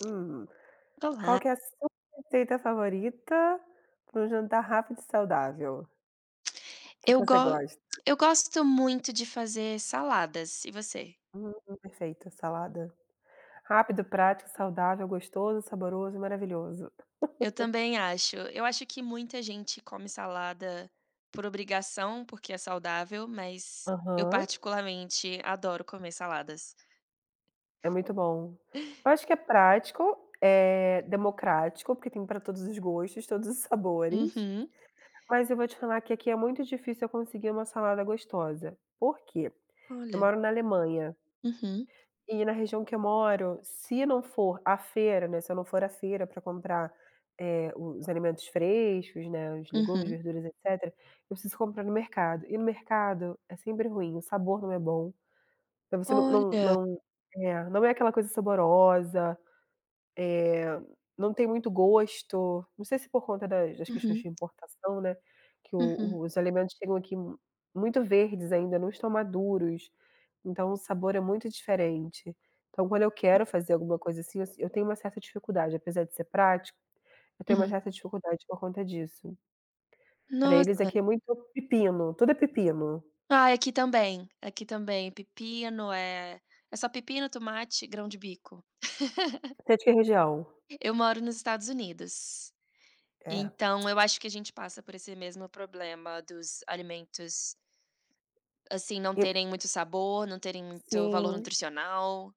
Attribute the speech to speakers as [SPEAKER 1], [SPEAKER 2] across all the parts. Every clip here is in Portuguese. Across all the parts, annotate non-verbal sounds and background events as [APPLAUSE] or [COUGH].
[SPEAKER 1] Hum, qual
[SPEAKER 2] Olá.
[SPEAKER 1] que é a sua receita favorita pra um jantar rápido e saudável? O que que
[SPEAKER 2] Eu
[SPEAKER 1] você
[SPEAKER 2] go
[SPEAKER 1] gosta?
[SPEAKER 2] eu gosto muito de fazer saladas e você?
[SPEAKER 1] Hum, perfeito, salada. Rápido, prático, saudável, gostoso, saboroso e maravilhoso.
[SPEAKER 2] Eu
[SPEAKER 1] [LAUGHS]
[SPEAKER 2] também acho. Eu acho que muita gente come salada por obrigação, porque é saudável, mas eu
[SPEAKER 1] Aham.
[SPEAKER 2] particularmente adoro comer saladas.
[SPEAKER 1] É muito bom. Eu acho que é prático, é democrático, porque tem pra todos os gostos, todos os sabores,
[SPEAKER 2] Uhum.
[SPEAKER 1] mas eu vou te falar que aqui é muito difícil eu conseguir uma salada gostosa. Porque eu
[SPEAKER 2] Olha.
[SPEAKER 1] moro na Alemanha
[SPEAKER 2] Uhum.
[SPEAKER 1] e na região que eu moro se não for à feira, né, se não for à feira pra comprar, eh, os alimentos frescos, né, os legumes,
[SPEAKER 2] Uhum.
[SPEAKER 1] verduras, etcétera, eu preciso comprar no mercado. E no mercado é sempre ruim, o sabor não é bom, você não
[SPEAKER 2] Olha.
[SPEAKER 1] não não é, aquela coisa saborosa, eh, não tem muito gosto. Não sei se por conta das das questões de
[SPEAKER 2] Uhum.
[SPEAKER 1] importação, né, que o
[SPEAKER 2] Uhum.
[SPEAKER 1] o os alimentos chegam aqui mu muito verdes ainda, não estão maduros, então o sabor é muito diferente. Então quando eu quero fazer alguma coisa, assim, eu si eu tenho uma certa dificuldade, apesar de ser prático, eu tenho uma
[SPEAKER 2] Uhum.
[SPEAKER 1] certa dificuldade por conta disso. Pra eles
[SPEAKER 2] Nossa.
[SPEAKER 1] aqui é muito pepino, tudo é pepino.
[SPEAKER 2] Ai, aqui também, aqui também, pepino, eh, é só pepino, tomate e grão de bico. [LAUGHS]
[SPEAKER 1] Você é de que região?
[SPEAKER 2] Eu moro nos Estados Unidos,
[SPEAKER 1] É.
[SPEAKER 2] então eu acho que a gente passa por esse mesmo problema dos alimentos, assim, não
[SPEAKER 1] Eu
[SPEAKER 2] terem muito sabor, não terem muito valor
[SPEAKER 1] Sim.
[SPEAKER 2] nutricional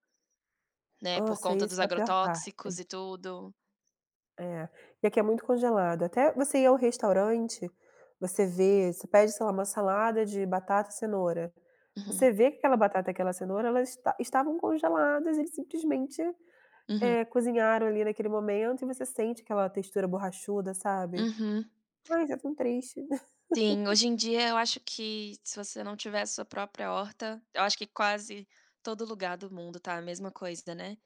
[SPEAKER 2] né, por
[SPEAKER 1] Nossa,
[SPEAKER 2] conta
[SPEAKER 1] isso
[SPEAKER 2] dos
[SPEAKER 1] é a pior parte.
[SPEAKER 2] agrotóxicos e tudo.
[SPEAKER 1] É. E aqui é muito congelado, até você ir ao restaurante, você vê, você pede, sei lá, uma salada de batata e cenoura,
[SPEAKER 2] Uhum.
[SPEAKER 1] você vê que aquela batata e aquela cenoura elas esta estavam congeladas, eles simplesmente,
[SPEAKER 2] Uhum.
[SPEAKER 1] eh, cozinharam ali, naquele momento, e você sente aquela textura borrachuda, sabe.
[SPEAKER 2] Uhum.
[SPEAKER 1] Pois, é tão triste.
[SPEAKER 2] Sim,
[SPEAKER 1] [LAUGHS]
[SPEAKER 2] hoje em dia, eu acho que se você não tiver a sua própria horta, eu acho que quase todo lugar do mundo está a mesma coisa, né,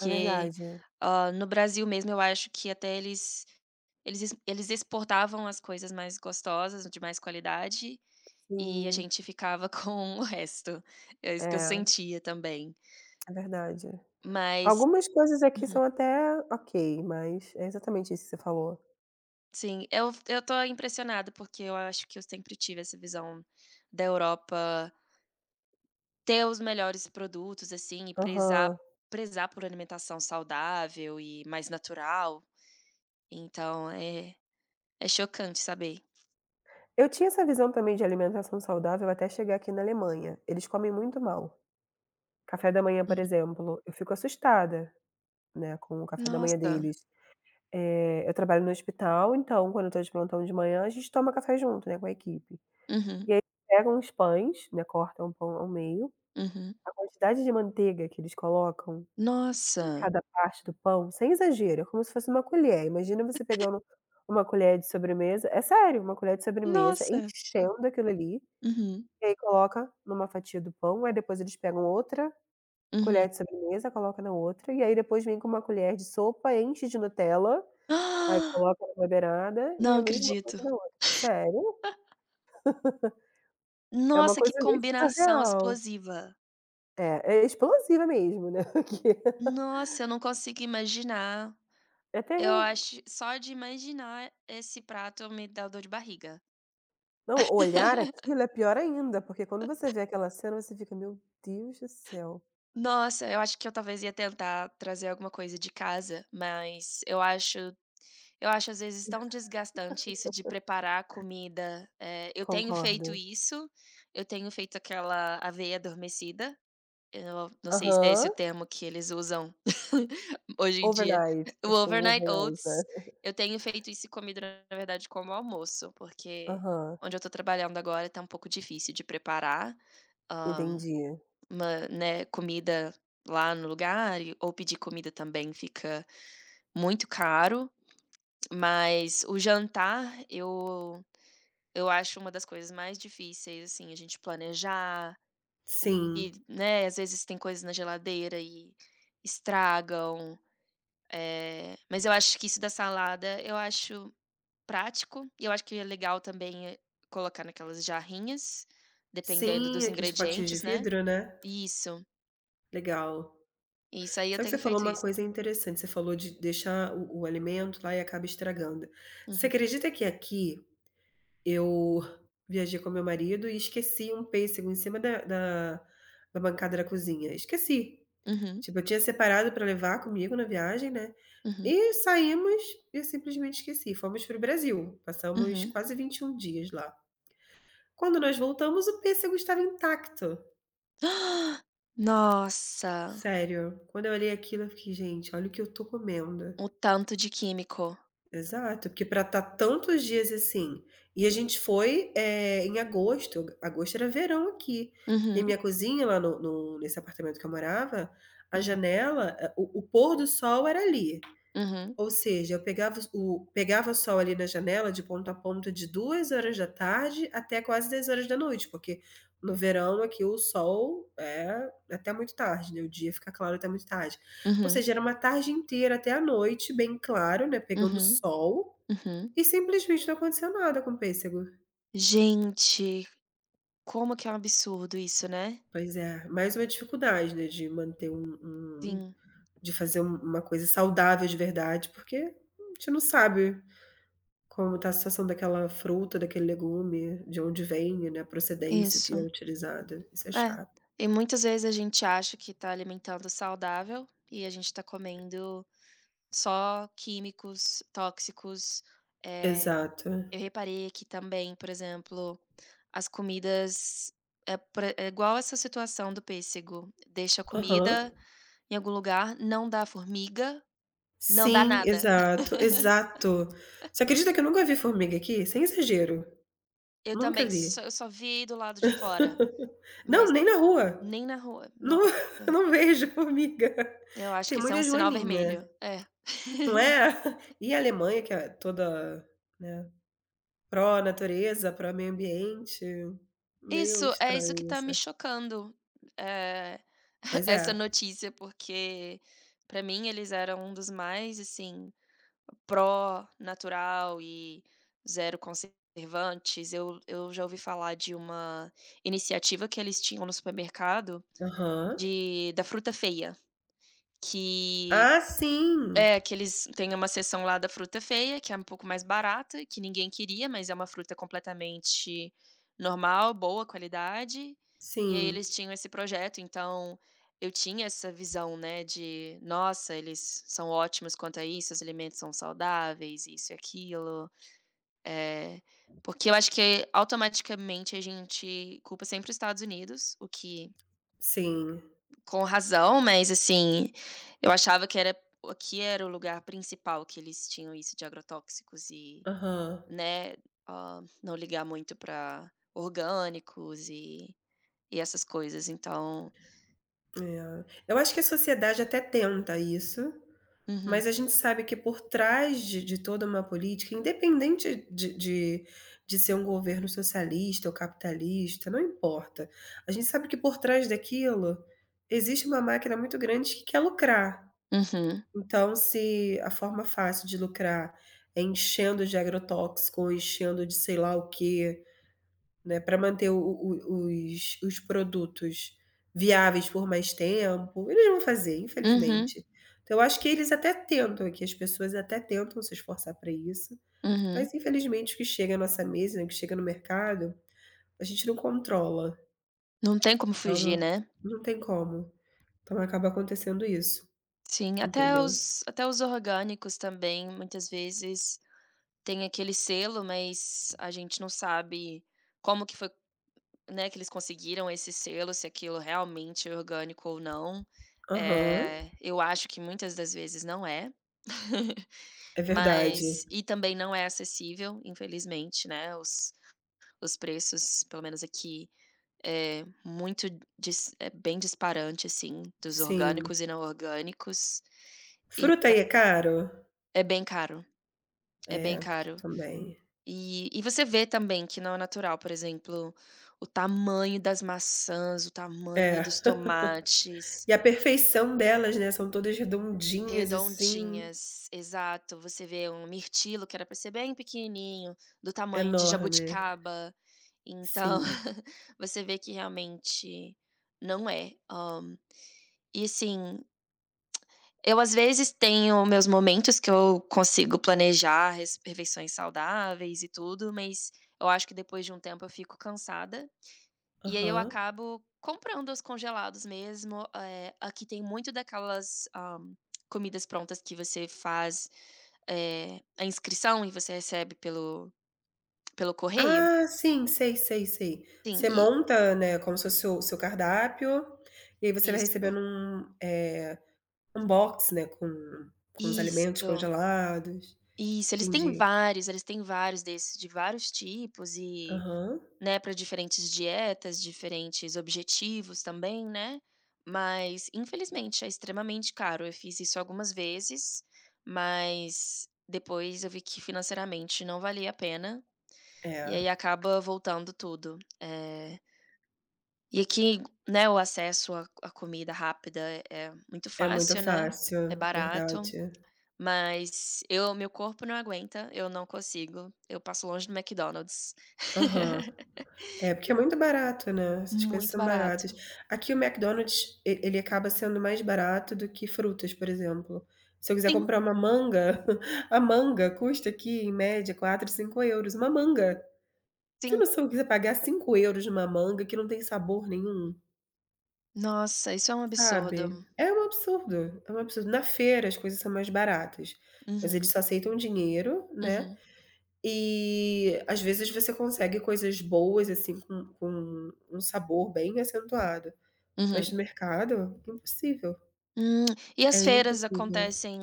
[SPEAKER 1] É verdade.
[SPEAKER 2] ó, no Brasil mesmo, eu acho que até eles eles ex eles exportavam as coisas mais gostosas, de mais qualidade, e a
[SPEAKER 1] Sim.
[SPEAKER 2] gente ficava com o resto, é isso que eu
[SPEAKER 1] É.
[SPEAKER 2] sentia também.
[SPEAKER 1] É verdade.
[SPEAKER 2] Mas
[SPEAKER 1] Algumas coisas aqui
[SPEAKER 2] uhum.
[SPEAKER 1] são até ok, mas é exatamente isso que você falou.
[SPEAKER 2] Sim. Eu eu estou impressionada, porque eu acho que eu sempre tive essa visão da Europa ter os melhores produtos, assim, e prezar
[SPEAKER 1] Aham.
[SPEAKER 2] prezar por alimentação saudável e mais natural. Então é é chocante saber.
[SPEAKER 1] Eu tinha essa visão também de alimentação saudável até chegar aqui na Alemanha, eles comem muito mal. Café da manhã, por
[SPEAKER 2] Hum.
[SPEAKER 1] exemplo, eu fico assustada, né, com o café da manhã
[SPEAKER 2] Nossa.
[SPEAKER 1] deles. Eh, eu trabalho no hospital, então quando eu tô de plantão de manhã, a gente toma café junto, né, com a equipe.
[SPEAKER 2] Uhum.
[SPEAKER 1] E aí pegam os pães, né, cortam o pão ao meio.
[SPEAKER 2] Uhum.
[SPEAKER 1] A quantidade de manteiga que eles colocam em
[SPEAKER 2] Nossa.
[SPEAKER 1] cada parte do pão, sem exagero, é como se fosse uma colher, imagina você pegando uma uma colher de sobremesa é sério, uma colher de sobremesa,
[SPEAKER 2] Nossa.
[SPEAKER 1] enchendo aquilo ali,
[SPEAKER 2] Uhum.
[SPEAKER 1] e aí coloca em uma fatia do pão, aí depois eles pegam outra
[SPEAKER 2] Uhum.
[SPEAKER 1] colher de sobremesa, coloca na outra, e aí depois vem com uma colher de sopa, enche de Nutella, aí
[SPEAKER 2] [GASPS]
[SPEAKER 1] coloca na beirada e
[SPEAKER 2] Não
[SPEAKER 1] a mesma
[SPEAKER 2] acredito.
[SPEAKER 1] coisa na
[SPEAKER 2] [LAUGHS]
[SPEAKER 1] outra. Sério. [LAUGHS] É uma
[SPEAKER 2] Nossa, que
[SPEAKER 1] coisa meio
[SPEAKER 2] combinação
[SPEAKER 1] surreal.
[SPEAKER 2] explosiva.
[SPEAKER 1] É, é explosiva mesmo, né. [LAUGHS] Que
[SPEAKER 2] Nossa, eu não consigo imaginar.
[SPEAKER 1] É
[SPEAKER 2] Eu
[SPEAKER 1] terrível.
[SPEAKER 2] acho só de imaginar esse prato, me dá dor de barriga.
[SPEAKER 1] Não, olhar
[SPEAKER 2] [LAUGHS]
[SPEAKER 1] aquilo é pior ainda, porque quando você
[SPEAKER 2] [CHUCKLES]
[SPEAKER 1] vê aquela cena você fica: "Meu Deus do céu".
[SPEAKER 2] Nossa, eu acho que eu talvez ia tentar trazer alguma coisa de casa, mas eu acho eu acho às vezes tão desgastante isso de
[SPEAKER 1] [LAUGHS]
[SPEAKER 2] preparar a comida, eh, eu tenho feito
[SPEAKER 1] Concordo.
[SPEAKER 2] isso, eu tenho feito aquela aveia adormecida. Eu não não sei se é esse o
[SPEAKER 1] Aham.
[SPEAKER 2] termo que eles usam [CHUCKLES] hoje em dia.
[SPEAKER 1] Overnight.
[SPEAKER 2] O
[SPEAKER 1] Acho que é um
[SPEAKER 2] overnight
[SPEAKER 1] overnight, né.
[SPEAKER 2] oats, eu tenho feito isso e comido na verdade como almoço, porque
[SPEAKER 1] Aham.
[SPEAKER 2] onde eu tô trabalhando agora tá um pouco difícil de preparar, hã,
[SPEAKER 1] Entendi.
[SPEAKER 2] mã né, comida lá no lugar e ou pedir comida também fica muito caro. Mas o jantar, eu eu acho uma das coisas mais difíceis, assim, a gente planejar. O que,
[SPEAKER 1] Sim.
[SPEAKER 2] né, às vezes tem coisas na geladeira e estragam. Eh, mas eu acho que isso da salada, eu acho prático e eu acho que é legal também, eh, colocar naquelas jarrinhas, dependendo
[SPEAKER 1] Sim,
[SPEAKER 2] dos
[SPEAKER 1] aqueles potinhos de
[SPEAKER 2] ingredientes, né.
[SPEAKER 1] vidro, né.
[SPEAKER 2] Isso.
[SPEAKER 1] Legal.
[SPEAKER 2] Isso aí, eu
[SPEAKER 1] Só que você
[SPEAKER 2] tenho
[SPEAKER 1] falou
[SPEAKER 2] feito
[SPEAKER 1] uma
[SPEAKER 2] isso.
[SPEAKER 1] coisa interessante, você falou de deixar o o alimento lá e acaba estragando. Você
[SPEAKER 2] Uhum.
[SPEAKER 1] acredita que aqui, eu viajei com meu marido e esqueci um pêssego em cima da da da bancada da cozinha, esqueci.
[SPEAKER 2] Uhum.
[SPEAKER 1] Tipo eu tinha separado para levar comigo na viagem, né,
[SPEAKER 2] Uhum.
[SPEAKER 1] e saímos e simplesmente esqueci. Fomos para o Brasil, passamos
[SPEAKER 2] Uhum.
[SPEAKER 1] quase 21 dias lá. Quando nós voltamos o pêssego estava intacto.
[SPEAKER 2] [GASPS] Nossa.
[SPEAKER 1] Sério, quando eu olhei aquilo eu fiquei: "Gente, olha o que eu estou comendo".
[SPEAKER 2] O tanto de químico.
[SPEAKER 1] Exato, porque para estar tantos dias assim, e a gente foi, é, em agosto agosto era verão aqui, que
[SPEAKER 2] Uhum.
[SPEAKER 1] a minha cozinha lá no no nesse apartamento que eu morava, a
[SPEAKER 2] Hum.
[SPEAKER 1] janela, o o pôr do sol era ali.
[SPEAKER 2] Uhum.
[SPEAKER 1] Ou seja, eu pegava o pegava o sol ali na janela de ponto a ponto de 14h da tarde até quase 22h horas da noite porque, no verão aqui o sol é até muito tarde, né, o dia fica claro até muito tarde. Ou
[SPEAKER 2] Uhum.
[SPEAKER 1] seja, era uma tarde inteira até a noite bem claro, né, pegando o
[SPEAKER 2] Uhum,
[SPEAKER 1] sol,
[SPEAKER 2] uhum.
[SPEAKER 1] e simplesmente não aconteceu nada com o pêssego.
[SPEAKER 2] Gente, como que é um absurdo, isso, né.
[SPEAKER 1] Pois é, mais uma dificuldade, né, de manter um um,
[SPEAKER 2] Sim.
[SPEAKER 1] de fazer um uma coisa saudável de verdade, porque a gente não sabe, como está a situação daquela fruta, daquele legume, de onde vem, né, a procedência que é
[SPEAKER 2] Isso.
[SPEAKER 1] utilizada isso é
[SPEAKER 2] É,
[SPEAKER 1] chato.
[SPEAKER 2] e muitas vezes a gente acha que está alimentando saudável, e a gente está comendo só químicos tóxicos. Eh,
[SPEAKER 1] Exato.
[SPEAKER 2] eu reparei aqui também, por exemplo, as comidas, é por ex igual essa situação do pêssego, deixa a
[SPEAKER 1] Aham.
[SPEAKER 2] comida em algum lugar, não dá formiga, não dá
[SPEAKER 1] Sim,
[SPEAKER 2] nada.
[SPEAKER 1] exato exato.
[SPEAKER 2] [LAUGHS]
[SPEAKER 1] Você acredita que eu nunca vi formiga aqui, sem exagero.
[SPEAKER 2] Eu
[SPEAKER 1] Nunca
[SPEAKER 2] também
[SPEAKER 1] vi.
[SPEAKER 2] só eu só vi do lado de fora,
[SPEAKER 1] [LAUGHS] Não,
[SPEAKER 2] mas
[SPEAKER 1] nem na rua.
[SPEAKER 2] nem na rua.
[SPEAKER 1] Não
[SPEAKER 2] Nossa.
[SPEAKER 1] não vejo formiga.
[SPEAKER 2] Eu acho
[SPEAKER 1] Tem
[SPEAKER 2] que isso é um
[SPEAKER 1] muita
[SPEAKER 2] sinal vermelho.
[SPEAKER 1] joaninha.
[SPEAKER 2] É.
[SPEAKER 1] Não é? [CHUCKLES]
[SPEAKER 2] [LAUGHS]
[SPEAKER 1] E Alemanha que é toda, né, pró natureza, pró meio-ambiente, meio
[SPEAKER 2] Isso, é isso que
[SPEAKER 1] estranho
[SPEAKER 2] está me
[SPEAKER 1] essa.
[SPEAKER 2] chocando. É, [CHUCKLES]
[SPEAKER 1] Pois
[SPEAKER 2] essa
[SPEAKER 1] é.
[SPEAKER 2] notícia, porque para mim eles eram um dos mais assim, pró natural e zero conservantes, eu eu já ouvi falar de uma iniciativa que eles tinham no supermercado,
[SPEAKER 1] Aham.
[SPEAKER 2] de da fruta feia, que
[SPEAKER 1] Ah, sim.
[SPEAKER 2] é que eles tem uma seção lá da fruta feia que é um pouco mais barata, que ninguém queria, mas é uma fruta completamente normal, boa qualidade, e aí
[SPEAKER 1] Sim.
[SPEAKER 2] eles tinham esse projeto, então, eu tinha essa visão, né, de: "Nossa, eles são ótimos quanto a isso, os alimentos são saudáveis, isso e aquilo". Eh, porque eu acho que automaticamente a gente culpa sempre os Estados Unidos, o que
[SPEAKER 1] Sim.
[SPEAKER 2] com razão, mas assim, eu achava que era aqui era o lugar principal que eles tinham isso de agrotóxicos e,
[SPEAKER 1] Aham.
[SPEAKER 2] né, não ligar muito para orgânicos e e essas coisas então
[SPEAKER 1] É, eu acho que a sociedade até tenta isso,
[SPEAKER 2] Uhum.
[SPEAKER 1] mas a gente sabe que por trás de de toda uma política, independente de de de ser um governo socialista ou capitalista, não importa. A gente sabe que por trás daquilo, existe uma máquina muito grande que quer lucrar.
[SPEAKER 2] Uhum.
[SPEAKER 1] Então se a forma fácil de lucrar é enchendo de agrotóxico, enchendo de sei lá o quê, né, para manter o o os os produtos viáveis por mais tempo, eles vão fazer
[SPEAKER 2] Uhum.
[SPEAKER 1] infelizmente. Então eu acho que eles até tentam, que as pessoas até tentam se esforçar para isso,
[SPEAKER 2] Uhum.
[SPEAKER 1] mas infelizmente o que chega à nossa mesa, que chega no mercado, a gente não controla.
[SPEAKER 2] Não tem como
[SPEAKER 1] Então,
[SPEAKER 2] fugir,
[SPEAKER 1] não
[SPEAKER 2] né.
[SPEAKER 1] não tem como. Então acaba acontecendo isso,
[SPEAKER 2] Sim, até
[SPEAKER 1] entendeu?
[SPEAKER 2] os até os orgânicos, também, muitas vezes tem aquele selo, mas a gente não sabe como que foi, né, que eles conseguiram esse selo, se aquilo realmente é orgânico ou não.
[SPEAKER 1] Aham.
[SPEAKER 2] Eh, eu acho que muitas das vezes não é. [CHUCKLES]
[SPEAKER 1] É verdade.
[SPEAKER 2] Mas, e também não é acessível, infelizmente, né, os os preços pelo menos aqui, é muito dis é bem disparante assim, dos
[SPEAKER 1] Sim.
[SPEAKER 2] orgânicos e não orgânicos. E
[SPEAKER 1] Fruta
[SPEAKER 2] então
[SPEAKER 1] aí é caro?
[SPEAKER 2] é bem caro, é
[SPEAKER 1] É,
[SPEAKER 2] bem
[SPEAKER 1] aqui
[SPEAKER 2] caro.
[SPEAKER 1] também.
[SPEAKER 2] E e você vê também que não é natural, por exemplo, o tamanho das maçãs, o tamanho
[SPEAKER 1] É,
[SPEAKER 2] dos
[SPEAKER 1] [LAUGHS]
[SPEAKER 2] tomates.
[SPEAKER 1] e a perfeição delas, né, são todas redondinhas assim.
[SPEAKER 2] Redondinhas, exato, você vê um mirtilo que era para ser bem pequenininho, do tamanho de
[SPEAKER 1] Enorme.
[SPEAKER 2] jabuticaba, então,
[SPEAKER 1] Sim.
[SPEAKER 2] [CHUCKLES] você vê que realmente não é, hã, e assim, [CLICKS TONGUE] eu às vezes tenho meus momentos que eu consigo planejar res refeições saudáveis e tudo, mas eu acho que depois de um tempo eu fico cansada, e aí eu
[SPEAKER 1] Aham.
[SPEAKER 2] acabo comprando os congelados mesmo, eh, aqui tem muito daquelas, hã, comidas prontas que você faz, eh, a inscrição e você recebe pelo pelo correio.
[SPEAKER 1] Ah, sim, sei sei sei.
[SPEAKER 2] Sim,
[SPEAKER 1] Você
[SPEAKER 2] e
[SPEAKER 1] monta, né, como se fosse o seu cardápio, e aí você vai
[SPEAKER 2] Isto.
[SPEAKER 1] recebendo um, eh, um box, né, com com os alimentos
[SPEAKER 2] Isto.
[SPEAKER 1] congelados.
[SPEAKER 2] Isso, eles têm
[SPEAKER 1] Entendi.
[SPEAKER 2] vários, eles têm vários desses, de vários tipos e,
[SPEAKER 1] Aham.
[SPEAKER 2] né, para diferentes dietas, diferentes objetivos também, né. Mas infelizmente é extremamente caro, eu fiz isso algumas vezes, mas depois eu vi que financeiramente não valia a pena, e aí
[SPEAKER 1] É.
[SPEAKER 2] acaba voltando tudo. Eh e aqui, né, o acesso a a comida rápida é é muito
[SPEAKER 1] É muito
[SPEAKER 2] fácil, né, é
[SPEAKER 1] fácil,
[SPEAKER 2] barato,
[SPEAKER 1] verdade.
[SPEAKER 2] mas eu meu corpo não aguenta, eu não consigo, eu passo longe do McDonald's.
[SPEAKER 1] Aham.
[SPEAKER 2] [LAUGHS]
[SPEAKER 1] É porque é muito barato, né, essas coisas
[SPEAKER 2] Muito
[SPEAKER 1] são baratas.
[SPEAKER 2] barato.
[SPEAKER 1] Aqui o Mcdonald's e ele acaba sendo mais barato do que frutas, por exemplo. Se eu quiser
[SPEAKER 2] Sim.
[SPEAKER 1] comprar uma manga, [CHUCKLES] a manga custa aqui em média 4, 5€, uma manga. Você tem
[SPEAKER 2] Sim.
[SPEAKER 1] noção quiser pagar 5€ em uma manga que não tem sabor nenhum?
[SPEAKER 2] Nossa, isso é um
[SPEAKER 1] Sabe.
[SPEAKER 2] absurdo.
[SPEAKER 1] É um absurdo, é um absurdo. Na feira, as coisas são mais baratas, mas
[SPEAKER 2] Uhum.
[SPEAKER 1] eles só aceitam dinheiro, né.
[SPEAKER 2] Uhum.
[SPEAKER 1] E, às vezes você consegue coisas boas, assim, com com um sabor bem acentuado. Mas
[SPEAKER 2] Uhum.
[SPEAKER 1] no mercado, impossível.
[SPEAKER 2] Hum, e as
[SPEAKER 1] É
[SPEAKER 2] feiras
[SPEAKER 1] impossível.
[SPEAKER 2] acontecem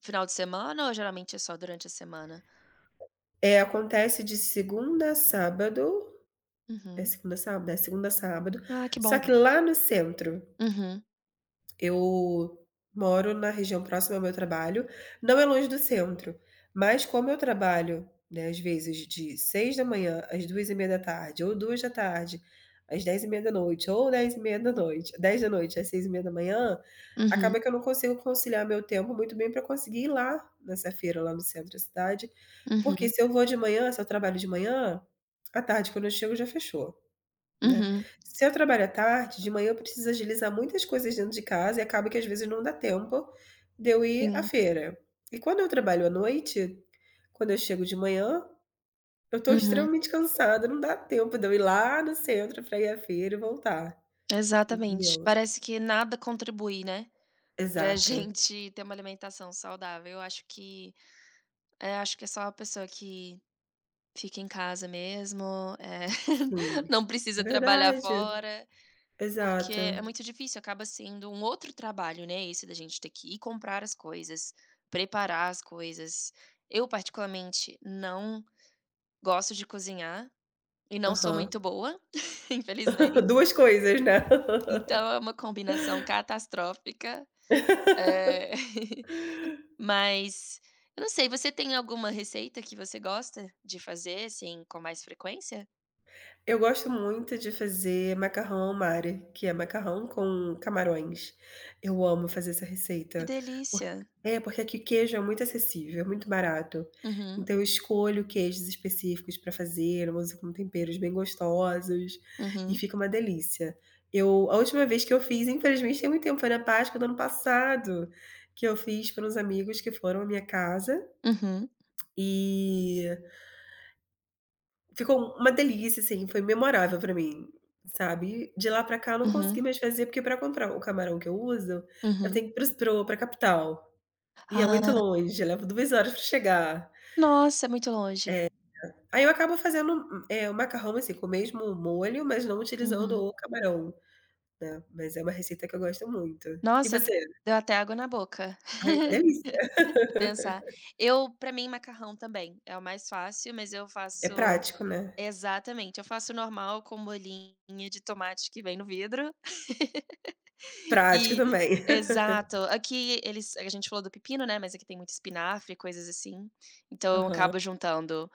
[SPEAKER 2] final de semana ou geralmente é só durante a semana?
[SPEAKER 1] Eh, acontece de segundo a sábado, é
[SPEAKER 2] Uhum.
[SPEAKER 1] segunda a sábado? É, segunda a sábado,
[SPEAKER 2] Ah, que bom.
[SPEAKER 1] só que lá no centro.
[SPEAKER 2] Uhum.
[SPEAKER 1] Eu moro na região próxima ao meu trabalho, não é longe do centro, mas como eu trabalho, né, as vezes de 6:00 às 14:30 ou 14:00 às 22:30, ou 22:30, 22:00 às 6:30,
[SPEAKER 2] Uhum.
[SPEAKER 1] acaba que eu não consigo conciliar meu tempo muito bem pra conseguir ir lá nessa feira lá no centro da cidade. Porque,
[SPEAKER 2] Uhum.
[SPEAKER 1] se eu vou de manhã, se eu trabalho de manhã, à tarde quando eu chego, já fechou, né.
[SPEAKER 2] Uhum.
[SPEAKER 1] Se eu trabalho à tarde, de manhã eu preciso agilizar muitas coisas dentro de casa, e acaba que, às vezes, não dá tempo de eu ir à
[SPEAKER 2] Sim.
[SPEAKER 1] feira. E quando eu trabalho à noite, quando eu chego de manhã, eu tô
[SPEAKER 2] Uhum.
[SPEAKER 1] extremamente cansada, não dá tempo de eu ir lá no centro pra ir à feira e voltar,
[SPEAKER 2] Exatamente,
[SPEAKER 1] entendeu?
[SPEAKER 2] parece que nada contribui, né, pra
[SPEAKER 1] Exato.
[SPEAKER 2] gente ter uma alimentação saudável, eu acho que é, acho que é só a pessoa que fica em casa mesmo, eh,
[SPEAKER 1] Sim,
[SPEAKER 2] [LAUGHS] não
[SPEAKER 1] é
[SPEAKER 2] precisa trabalhar
[SPEAKER 1] verdade.
[SPEAKER 2] fora. Porque
[SPEAKER 1] Exato.
[SPEAKER 2] é muito difícil, acaba sendo um outro trabalho, né, esse da gente ter que ir comprar as coisas, preparar as coisas. Eu particularmente não gosto de cozinhar e não sou
[SPEAKER 1] Aham.
[SPEAKER 2] muito boa, [CHUCKLES] infelizmen
[SPEAKER 1] [LAUGHS] Duas coisas, né.
[SPEAKER 2] Então é
[SPEAKER 1] [LAUGHS]
[SPEAKER 2] uma combinação catastrófica, eh,
[SPEAKER 1] [LAUGHS]
[SPEAKER 2] [LAUGHS] mas, eu não sei. Você tem alguma receita que você gosta de fazer, assim, com mais frequência?
[SPEAKER 1] Eu gosto muito de fazer macarrão ao mare, que é macarrão com camarões. Eu amo fazer essa
[SPEAKER 2] Que
[SPEAKER 1] receita, porq
[SPEAKER 2] delícia!
[SPEAKER 1] é, porque aqui queijo é muito acessível, é muito barato.
[SPEAKER 2] Uhum.
[SPEAKER 1] Então eu escolho queijos específicos para fazer, eu uso com temperos bem gostosos, e
[SPEAKER 2] Uhum.
[SPEAKER 1] fica uma delícia. Eu a última vez que eu fiz infelizmente tem muito tempo, foi na Páscoa do ano passado que eu fiz para uns amigos que foram à minha casa
[SPEAKER 2] Uhum.
[SPEAKER 1] e ficou uma delícia, assim, foi memorável para mim, sabe. E de lá para cá eu não
[SPEAKER 2] Uhum.
[SPEAKER 1] consegui mais fazer, porque para comprar o camarão que eu uso, eu
[SPEAKER 2] Uhum.
[SPEAKER 1] tenho que ir para os para o pra capital. E é muito
[SPEAKER 2] Ah.
[SPEAKER 1] longe, leva 2 horas para chegar.
[SPEAKER 2] Nossa! É muito longe.
[SPEAKER 1] É, ai eu acabo fazendo, eh, o macarrão, assim, com o mesmo molho, mas não utilizando
[SPEAKER 2] Uhum.
[SPEAKER 1] o camarão, né. Mas é uma receita que eu gosto muito. E
[SPEAKER 2] Nossa, d
[SPEAKER 1] você?
[SPEAKER 2] deu até água na boca,
[SPEAKER 1] Ai, uma delícia.
[SPEAKER 2] [LAUGHS] em pensar.
[SPEAKER 1] [LAUGHS]
[SPEAKER 2] Eu para mim macarrão também, é o mais fácil, mas eu
[SPEAKER 1] É
[SPEAKER 2] faço
[SPEAKER 1] prático, né.
[SPEAKER 2] Exatamente, eu faço normal com molhinho de tomate que vem no vidro
[SPEAKER 1] Prático
[SPEAKER 2] e [LAUGHS]
[SPEAKER 1] também.
[SPEAKER 2] Exato.
[SPEAKER 1] [LAUGHS]
[SPEAKER 2] Aqui eles a gente falou do pepino, né, mas aqui tem muito espinafre e coisas, assim, então eu
[SPEAKER 1] Aham.
[SPEAKER 2] acabo juntando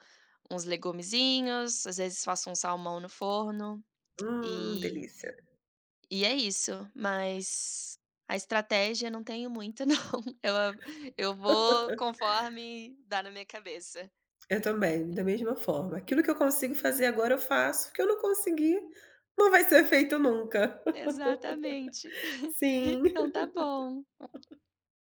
[SPEAKER 2] uns legumezinhos, às vezes, faço um salmão no forno,
[SPEAKER 1] Hum,
[SPEAKER 2] e
[SPEAKER 1] delícia.
[SPEAKER 2] e é isso. Mas a estratégia não tenho muito não, eu eu vou
[SPEAKER 1] [LAUGHS]
[SPEAKER 2] conforme dá na minha cabeça.
[SPEAKER 1] Eu também, da mesma forma. Aquilo que eu consigo
[SPEAKER 2] É.
[SPEAKER 1] fazer agora, eu faço. O que eu não conseguir, não vai ser feito nunca.
[SPEAKER 2] Exatamente.
[SPEAKER 1] [LAUGHS]
[SPEAKER 2] [CHUCKLES]
[SPEAKER 1] Sim.
[SPEAKER 2] Então está bom.
[SPEAKER 1] [LAUGHS]